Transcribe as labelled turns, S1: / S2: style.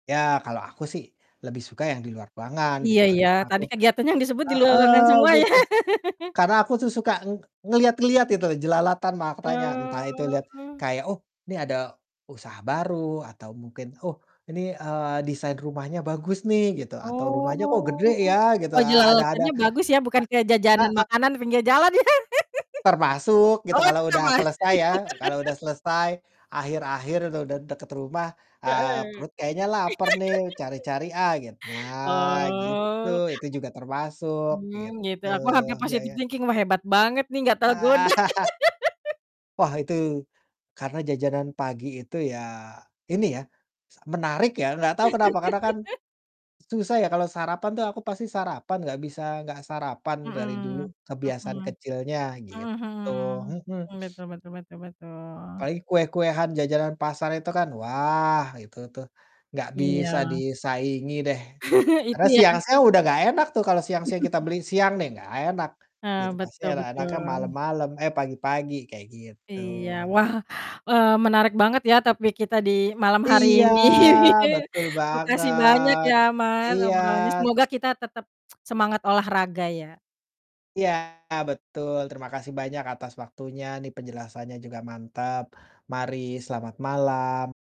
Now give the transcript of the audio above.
S1: Ya, kalau aku sih lebih suka yang di luar ruangan
S2: Iya
S1: gitu, karena
S2: iya,
S1: aku
S2: tadi kegiatannya yang disebut di luar ruangan
S1: heeh,
S2: semua ya?
S1: gitu, karena aku tuh suka nge ngelihat-ngelihat itu, jelalatan matanya, entah itu lihat
S2: Oh.
S1: kayak, "Oh, ini ada usaha baru." Atau mungkin, "Oh, ini, eee, desain rumahnya bagus nih." Gitu, atau "Rumahnya kok
S2: Oh,
S1: gede, ya?" Gitu.
S2: oh,
S1: A ada ada
S2: jelalatannya bagus ya, bukan kayak
S1: eee,
S2: jajanan
S1: heeh.
S2: makanan pinggir jalan, ya?
S1: Termasuk gitu,
S2: Oh,
S1: kalau
S2: itu
S1: udah
S2: termasuk.
S1: selesai ya, kalau udah selesai, akhir-akhir udah udah de deket rumah, eee,
S2: Heeh.
S1: perut kayaknya lapar nih, cari-cari ah git nah, gitu,
S2: Oh.
S1: itu juga termasuk,
S2: Mmm, gitu,
S1: gitu,
S2: aku hampir
S1: ya
S2: positive
S1: ya.
S2: thinking, "Wah, hebat banget nih, nggak tergoda."
S1: Eee. Wah, itu, karena jajanan pagi itu ya, ini ya, sa menarik ya, nggak tahu kenapa, karena kan susah ya, kalau sarapan tuh aku pasti sarapan, nggak bisa nggak sarapan dari dulu,
S2: Mhm
S1: kebiasaan
S2: mhm,
S1: kecilnya,
S2: mhm
S1: gitu, mhm.
S2: mhm, betul betul betul betul.
S1: Paling kue-kuean, jajanan pasar, itu kan, wah, itu tuh gak bisa
S2: Iya.
S1: disaingi deh. Karena
S2: Itu, ya.
S1: siang-siang udah gak enak tuh, kalau siang-siang kita beli, siang nih, gak enak
S2: Heeh,
S1: gitu, pasti
S2: betul
S1: enak-enaknya
S2: betul.
S1: malem-malem, eh, pagi-pagi, kayak gitu.
S2: Iya, wah, eee, menarik banget ya, topik kita di malam hari
S1: Iya,
S2: ini.
S1: betul
S2: Makasih banyak
S1: banget,
S2: ya, Mas,
S1: iya.
S2: obrolannya. Semoga kita tetap semangat olahraga, ya.
S1: Iya, betul, terima kasih banyak atas waktunya nih, penjelasannya juga mantap, mari, selamat malam.